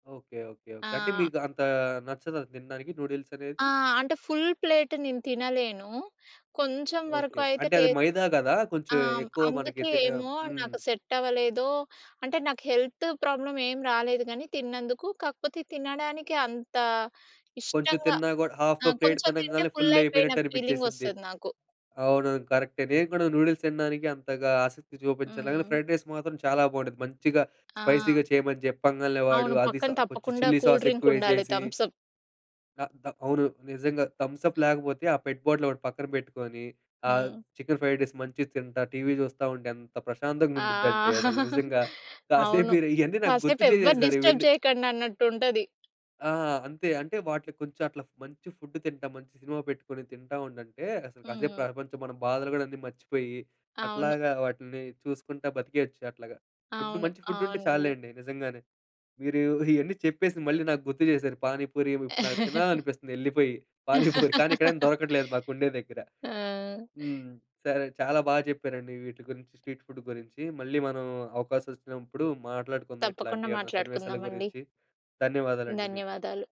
Okay. Okay. Okay. అంటే ఆ! మీకు అంతా నచ్చదా తినడానికి నూడిల్సనేది? ఆ! అంటే, ఫుల్ ప్లేట్ నేను తినలేను. కొంచెం ఓకే. వరకు అయితే అంటే, టే అది మైదా గదా! ఆ! కొంచెం హ్మ్, ఎక్కువ మనకి అందుకే తె ఏమో హ్మ్. నాకు సెట్టవలేదో, అంటే, నాకు హెల్తు ప్రాబ్లమేం రాలేదు గానీ తిన్నందుకు, కాకపోతే తినడానికి అంతా కొంచుం ఇష్టంగా తిన్నా గూడా ఆ! హాఫు ప్లేట్ కొంచెం తింటే తినంగాలనే ఫుల్లయిపోయిన ఫుల్లయిపోయినట్టు అనిపిచ్చేసిద్ది. ఫీలింగొస్తది నాకు. అవునవును. కరక్టే. నేను గూడా నూడుల్స్ తినడానికి అంతగా ఆసక్తి చూపించలేను గానీ, హ్మ్. ఫ్రైడ్ రైస్ మాత్రం చాలా బావుండిద్ది. మంచిగా ఆ! స్పైసీగా చెయమని చెప్పంగాలనే, వాడు అవును. అది స పక్కన కొంచెం తప్పకుండా చిల్లీ కూల్ డ్రింకుండాలి, సాసెక్కువేసేసి. Thums Up. త త అవును. నిజంగా. థమ్సప్ ఆ! లేకపోతే, ఆ పెట్ బాటిలొకటి పక్కన పెట్టుకోని, ఆ హ్మ్. చికెన్ ఫ్రైడ్ రైస్ మంచిగ తింటా, టీవీ చూస్తా ఉంటే ఎంత ప్రశాంతంగా ఆ! ఆ! ఉండిద్దంటే అసలు నిజంగా. కాసేపు అవును. మీరు ఇయన్నీ నాకు గుర్తు కాసేపెవ్వరు చేసేశారు డిస్టర్బ్ ఇవన్నీ. జెయకండన్నట్టుంటది. ఆ! అంతే. అంటే వాటిలికి కొంచెం అట్లా మంచి ఫుడ్డు తింటా, మంచి సినిమా పెట్టుకొని తింటా ఉండంటే, అసలు కాసేపు హుహు. ప్రపంచం, మన బాధలు గోడన్నీ మర్చిపోయి, అవును. అట్లాగా వాటిని చూసుకుంటా బతికేయచ్చు అట్లాగా. ఫుడ్డు, అవును. మంచి ఫుడ్డుంటే అవునండి. చాల్లేండి నిజంగానే. మీరూ ఇయన్నీ చెప్పేసి మళ్ళీ నాకు గుర్తు చేశారు. పానీపూరీ ఇబ్ ఇప్పుడు నాకు తినాలనిపిస్తంది యెళ్ళిపోయి. పానీపూరీ కానీ ఇక్కడేం దొరకట్లేదు మాకుండే దగ్గర. ఆ! హ్మ్. సరే చాలా బాగా చెప్పారండి వీటి గురించి, స్ట్రీట్ ఫుడ్డు గురించి. మళ్ళీ మనం అవకాశం వచ్చినప్పుడు మాట్లాడుకుందాం తప్పకుండా ఇట్లాంటియేవన్నా సన్నివేశాల మాట్లాడుకుందామండి. గురించి. ధన్యవాదాలండి మీకు. ధన్యవాదాలు.